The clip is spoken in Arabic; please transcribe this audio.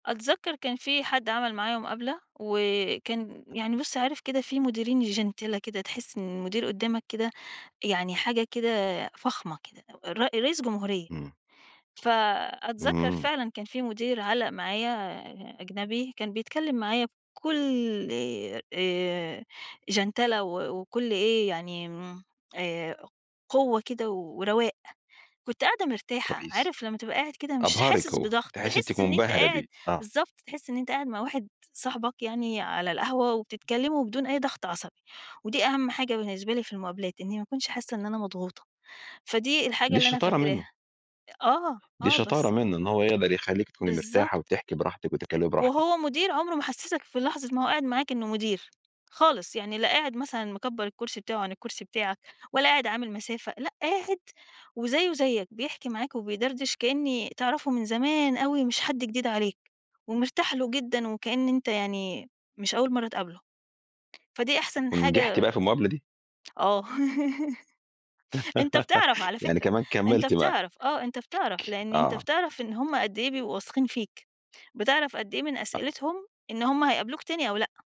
أتذكّر كان في حد عمل معايا مُقابله، وكان يعني بُص، عارف كده في مُديرين جِنتلة كده تحس إن المدير قُدامك كده، يعني حاجة كده فخمة كده، ر رئيس جمهورية، امم. فأتذكّر امم. فعلًا كان في مُدير علّق معايا أجنبي كان بيتكلّم معايا بكل آآ، آآ، جَنتلة و وكل إيه يعني امم، آآ، قوّة كده و ورَواق، كُنت قاعدة مرتاحة. كويس، عارف لمّا تبقى قاعد كده مش أبهرِِك حاسس هو، بضغط، تحسي إنِ أنتِ تحس إن أنت مُنبهرة بيه، قاعد آه. بالضبط، تحس إن أنت قاعد مع واحد صاحبك يعني على القهوة وبتتكلموا بدون أي ضغط عصبي، ودي أهم حاجة بالنسبة لي في المُقابلات إنّي ما أكُونش حاسّة إن أنا مضغوطة. فدي الحاجة دي اللي أنا شطارة منه. فاكراها. آه، دي آه، شطارة بس. منّه إن هو يقدر يخليكِ تكوني مرتاحة بالضبط. وتحكِي براحتِك وتتكلّمي براحتِك. وهو مُدير عمره ما حسّسك في لحظة ما هو قاعد معاك إنّه مُدير، خالص يعني لا قاعد مثلًا مكبّر الكرسي بتاعه عن الكرسي بتاعك، ولا قاعد عامل مسافة. لأ، قاعد وزيه زيك، بيحكي معاك وبيدردش كأني تعرفه من زمان أوي مش حد جديد عليك، ومرتاح له جدًا وكأن أنت يعني، مش أوّل مرّة تقابله، فدي أحسن ونجحتِ حاجة بقى في المُقابلة دي؟ آه، أنت بتعرف على يعني فكرة، كمان أنت كملتِ معاه. بتعرف آه، أنت بتعرف [unintelligible] لإن أنت آه. بتعرف إن هُم قد إيه بيبقوا واثقين فيك، بتعرف قد إيه من آه. أسئلتهم، إن هُم هيقابلوك تاني أو لأ.